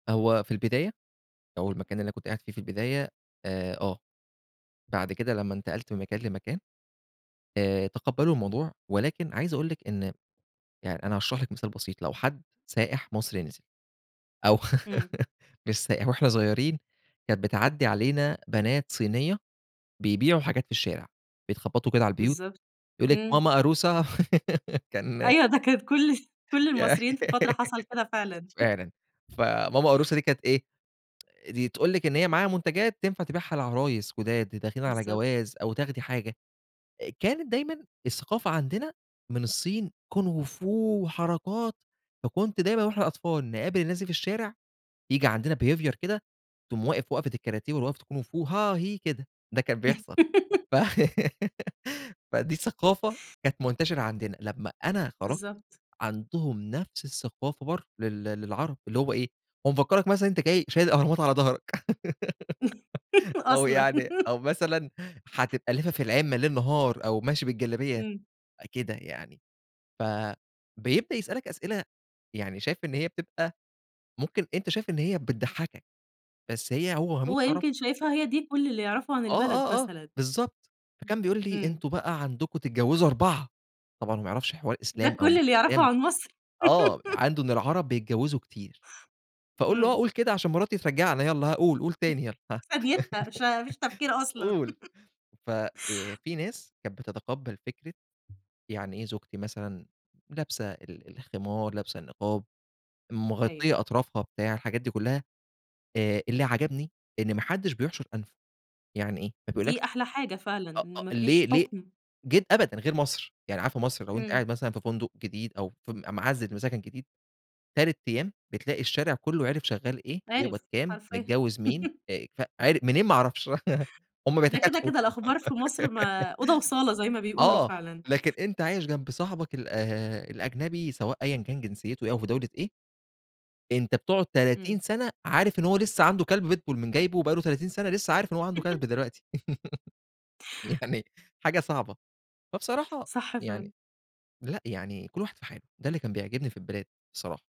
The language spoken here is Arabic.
هو في البداية أو المكان اللي أنا كنت قاعد فيه في البداية آآ آه. بعد كده لمّا انتقلت من مكان لمكان آآ تقَبلّوا الموضوع، ولكن عايز أقول لِك إن يع أنا هاشرح لِك مثال بسيط، لو حد سائح مصري نزِل أو إمم. مش سائح، وإحنا صغيرين كانت بتعدِّي علينا بنات صينية بيبيعوا حاجات في الشارع، بيتخبَّطوا كده على البيوت بالضبط. يقول لِك: إمم. "ماما أروّسة" كان أيوه ده كانت كل كل ي المصريين، في فترة حصل كده فعلًا فعلًا. فماما أروّسة دي كانت إيه؟ دي تقول لِك إن هي معاها منتجات تنفع تبيعها لعرايس جُداد د داخلين على بالضبط. جواز أو تاخدي حاجة، كانت دايمًا الثقافة عندنا من الصين كونغو فو وحركات، فكنت دايمًا وإحنا أطفال نقابل الناس دي في الشارع ييجي عندنا behaviour كده تقوم واقف وقفة الكاراتيه والّا وقفة الكونغو فو ها هِيْ، كده، ده كان بيحصل. ف فدي ثقافة كانت منتشرة عندنا، لمّا أنا خرَجت. بالضبط. عندهم نفس الثقافة برّه لل للعرب اللي هو إيه، هو مفكَّرَك مثلًا أنت جاي شايل الأهرامات على ضهرك، أو أصلًا يعني أو مثلًا هتبقى لافِف العِمَّة ليل نهار أو ماشي بالجلابية إمم. كده يعني. فبيبدأ يسألك أسئلة، يعني شايف إن هي بتبقى ممكن أنت شايف إن هي بتضحكك، بس هي هو هيموت هو ويعرفها. يمكن شايفها هي دي، كل اللي يعرفه عن آه، البلد آه، آه مثلًا. بالضبط. فكان بيقول لي: إمم. "أنتم بقى عندكم تتجوزوا أربعة"، طبعًا هو ما يعرفش حوار ده إسلام أو كل مش اللي يعرفه إسلام عن مصر؟ آه عنده إن العرب بيتجوزوا كتير، فاقول له: "آه إمم. قل كده عشان مراتي ترجَّعنا يالّا ها قل، قل في تاني يالّا هه ثانيتها فما فيش تفكير أصلًا، قل، ففي فيه ناس كانت بتتقبَّل فكرة يعني إيه زوجتي مثلًا لابسة ال الخمار، لابسة النقاب، مغطية أيوه. أطرافها بتاع، حاجات دي كلّها، آآ اللي عجبني إن ما حدش بيحشُر أنفه، يعني إيه، ما دي بيقولكش أحلى حاجة فعلًا. أأ إن ما فيش ليه ليه حُكم. جد أبدًا غير مصر، يعني عارفة مصر لو أنت إمم. قاعد مثلًا في فندق جديد أو فم معزِّل وساكن جديد، 3 أيام بِتلاقي الشارع كلّه عرِِف شغال إيه؟ بيقبض عرِِف. كام؟ حرفيًا، متجوز مين؟ أ ك عر منين ما أعرفش، هُم ده كده، بيتكاتفوا، كده الأخبار في مصر، ما أوضة وصالة زي ما بيقولوا آه، فعلًا. لكن أنت عايش جنب صاحبك ال آآ الأجنبي سواء أيًا كان جنسيته إيه، أو في دولة إيه أنت بتقعد إمم. 30 سنة عارف إن هو لسه عنده كلب بيتبول م جايبه وبقى له 30 سنة، لسه عارف إن هو عنده كلب دلوقتي، يعني، حاجة صعبة. فبصراحة صح يعني فعلًا. لأ، يعني كل واحد في حالُه، ده اللي كان بيعجبني في البلاد، بصراحة.